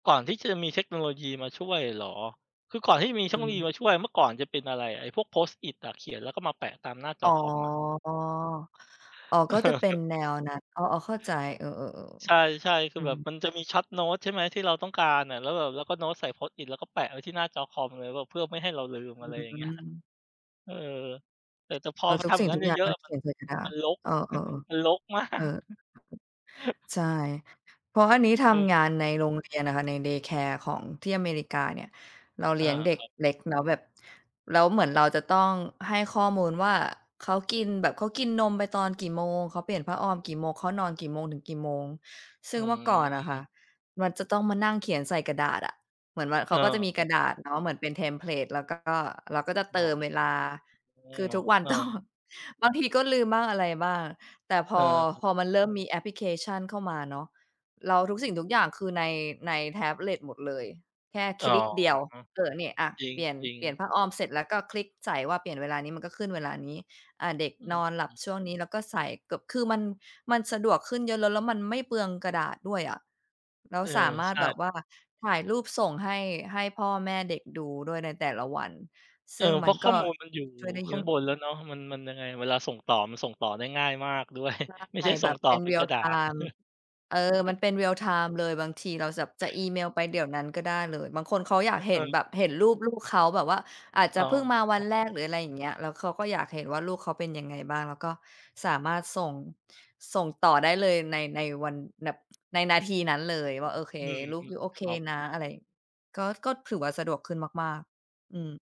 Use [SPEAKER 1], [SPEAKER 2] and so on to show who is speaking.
[SPEAKER 1] ก่อนที่จะมีเทคโนโลยีมาช่วยเหรอ? คือก่อนที่จะมีเ
[SPEAKER 2] อ
[SPEAKER 1] ทคโน
[SPEAKER 2] ื
[SPEAKER 1] โลยี
[SPEAKER 2] ม
[SPEAKER 1] มาช่วย เมื่อก่อนจะเป็นอะไร ไอ้พวก Post-it อะ เขียนแล้วก็มาแปะตามหน้าจ
[SPEAKER 2] อ๋
[SPEAKER 1] อ
[SPEAKER 2] อ
[SPEAKER 1] คอมอะ
[SPEAKER 2] อ๋อ ก็จะเป็
[SPEAKER 1] เอ
[SPEAKER 2] น
[SPEAKER 1] อ
[SPEAKER 2] แนวนั้น อ๋อ ๆ เข้าใจ เออ
[SPEAKER 1] ใช่
[SPEAKER 2] ๆ
[SPEAKER 1] ใช่ ค
[SPEAKER 2] ๆ
[SPEAKER 1] ื
[SPEAKER 2] อ
[SPEAKER 1] อ
[SPEAKER 2] ื
[SPEAKER 1] แบบ
[SPEAKER 2] ม
[SPEAKER 1] มันจะมี Short note ใช่ไหม ที่เราต้องการน่ะ แล้วแบบเราก็โน้ตใส่ Post-it แล้วก็แปะไว้ที่หน้าจอคอมเลยแบบเพื่อไม่ให้เราลืม
[SPEAKER 2] อื
[SPEAKER 1] อะไรอย่างเงี้ย
[SPEAKER 2] ม
[SPEAKER 1] เออ แต่ แต่พอ
[SPEAKER 2] เออ
[SPEAKER 1] มัน
[SPEAKER 2] ทุ
[SPEAKER 1] ท
[SPEAKER 2] ก
[SPEAKER 1] ำอ
[SPEAKER 2] ส
[SPEAKER 1] ย
[SPEAKER 2] ิ
[SPEAKER 1] ่
[SPEAKER 2] ่
[SPEAKER 1] าง
[SPEAKER 2] ง
[SPEAKER 1] งั
[SPEAKER 2] ท
[SPEAKER 1] ้
[SPEAKER 2] ุ
[SPEAKER 1] น
[SPEAKER 2] ก
[SPEAKER 1] เ
[SPEAKER 2] อย่าง
[SPEAKER 1] ยอ
[SPEAKER 2] ก
[SPEAKER 1] ะ
[SPEAKER 2] ็
[SPEAKER 1] ๆ อะ
[SPEAKER 2] เข
[SPEAKER 1] มัน
[SPEAKER 2] ียนใส่กระดา
[SPEAKER 1] มั
[SPEAKER 2] ษ
[SPEAKER 1] นรก
[SPEAKER 2] เออ
[SPEAKER 1] มัน
[SPEAKER 2] ๆ
[SPEAKER 1] รก มา
[SPEAKER 2] ๆ เออ
[SPEAKER 1] ก
[SPEAKER 2] ใช่ เพราะอันนี้ท
[SPEAKER 1] เออ
[SPEAKER 2] ำงานในโรงเรียนน่ะค่ะ ใน Day Care ของที่อเมริกาเนี่ย เรา
[SPEAKER 1] อ
[SPEAKER 2] เล
[SPEAKER 1] า
[SPEAKER 2] ี้ยงเด
[SPEAKER 1] ค
[SPEAKER 2] ็ก
[SPEAKER 1] รับ
[SPEAKER 2] เล็กเนาะแบบ แล้วเหมือนเราจะต้องให้ข้อมูลว่า เขากินแบบ เขากินนมไปตอนกี่โมง เขาเปลี่ยนผ้าออมกี่โมง เขานอนกี่โมงถึงกี่โมง ซ
[SPEAKER 1] อ
[SPEAKER 2] ึ่
[SPEAKER 1] ื
[SPEAKER 2] งเมื่อก่อนน่ะค่ะ
[SPEAKER 1] ม
[SPEAKER 2] มันจะต้องมานั่งเขียนใส่กระดาษอะ เหมือนมัน เข
[SPEAKER 1] อ
[SPEAKER 2] า
[SPEAKER 1] า
[SPEAKER 2] ก็จะมี
[SPEAKER 1] ค
[SPEAKER 2] ก
[SPEAKER 1] รั
[SPEAKER 2] ร
[SPEAKER 1] บ
[SPEAKER 2] ะดาษเนาะเหมือนเป็นเทมเพลต แล้วก็เราก็จะ
[SPEAKER 1] อ
[SPEAKER 2] เต
[SPEAKER 1] ๋อ
[SPEAKER 2] ิมเวลา คือทุกวัน
[SPEAKER 1] เอ
[SPEAKER 2] ต้อง
[SPEAKER 1] อ
[SPEAKER 2] บางทีก็ลืมบ้าง อะไรบ้าง แต่พ
[SPEAKER 1] เ
[SPEAKER 2] อ
[SPEAKER 1] ออ
[SPEAKER 2] พอมันเริ่มมีแอปพลิเคชันเข้ามาเนาะ แล้วทุกสิ่งทุกอย่างคือใน ในแท็บเล็ตหมดเลย แค่
[SPEAKER 1] อ
[SPEAKER 2] ค
[SPEAKER 1] ๋อ
[SPEAKER 2] ลิกเดียว เออ เนี่ยอะ
[SPEAKER 1] จ
[SPEAKER 2] เปลี่ยน
[SPEAKER 1] ริง
[SPEAKER 2] เปลี่ยน
[SPEAKER 1] ๆ
[SPEAKER 2] ผ้าอ้อม เสร็จแล้วก็คลิกใส่ว่าเปลี่ยนเวลานี้ มันก็ขึ้นเวลานี้ อ่า เด็ก
[SPEAKER 1] อ
[SPEAKER 2] นอนหลั
[SPEAKER 1] ือ
[SPEAKER 2] บช่วงนี้แล้วก็ใส่เกือบ คือมัน มันสะดวกขึ้นเยอะ แล้ว แล้วมันไม่เปลืองกระดาษด้วยอะ แล้
[SPEAKER 1] เ
[SPEAKER 2] ว
[SPEAKER 1] ออ
[SPEAKER 2] สามา
[SPEAKER 1] ใ
[SPEAKER 2] ร
[SPEAKER 1] ช
[SPEAKER 2] ถ
[SPEAKER 1] ่
[SPEAKER 2] แบบว่าถ่ายรูปส่งให้ ให้พ่อแม่เด็กดูด้วยในแต่ละวัน
[SPEAKER 1] เ
[SPEAKER 2] ซ
[SPEAKER 1] ออ
[SPEAKER 2] ึ่ง
[SPEAKER 1] เ
[SPEAKER 2] ม
[SPEAKER 1] พร
[SPEAKER 2] ัน
[SPEAKER 1] าะข้
[SPEAKER 2] ก
[SPEAKER 1] อ
[SPEAKER 2] ็
[SPEAKER 1] มูลมันอยู่
[SPEAKER 2] ช่วยได้
[SPEAKER 1] ข
[SPEAKER 2] เ
[SPEAKER 1] ้
[SPEAKER 2] ย
[SPEAKER 1] า
[SPEAKER 2] อ
[SPEAKER 1] งบ
[SPEAKER 2] ะ
[SPEAKER 1] นแล้วเนาะ มัน มันยังไง เวลาส่งต่อมันส่งต่อได้ง่ายมาก ด้วย
[SPEAKER 2] ใ
[SPEAKER 1] ไม่
[SPEAKER 2] ช
[SPEAKER 1] ใ
[SPEAKER 2] ่
[SPEAKER 1] ช่ส
[SPEAKER 2] แบ
[SPEAKER 1] ่ง
[SPEAKER 2] บ
[SPEAKER 1] ต่
[SPEAKER 2] เ
[SPEAKER 1] อ
[SPEAKER 2] ป็น
[SPEAKER 1] เป็นกร
[SPEAKER 2] real
[SPEAKER 1] ะดาษ
[SPEAKER 2] time เออ มันเป็น เรียลไทม์ เลย บางทีเราจะ จะอีเมลไปเดี๋ยวนั้นก็ได้เลย บางคนเขาอยากเห
[SPEAKER 1] เ
[SPEAKER 2] ็นแบบ
[SPEAKER 1] ออ
[SPEAKER 2] เห็นรูปลูกเขา แบบว่าอาจจ
[SPEAKER 1] อ
[SPEAKER 2] ะ
[SPEAKER 1] ๋อ
[SPEAKER 2] เพิ่งมาวันแรก หรืออะไรอย่างเงี้ย แล้วเขาก็อยากเห็นว่า ลูกเขาเป็นยังไงบ้าง แล้วก็สามารถส่ง ส่งต่อได้เลยใน ในวันแบบในนาทีนั้นเลยว่า โอเค
[SPEAKER 1] อือ
[SPEAKER 2] ลูก
[SPEAKER 1] ฮึ
[SPEAKER 2] ยูโอเค
[SPEAKER 1] ครับ
[SPEAKER 2] นะ อะไร ก็ ก็ถือว่า สะดวกขึ้นมาก ๆ อืม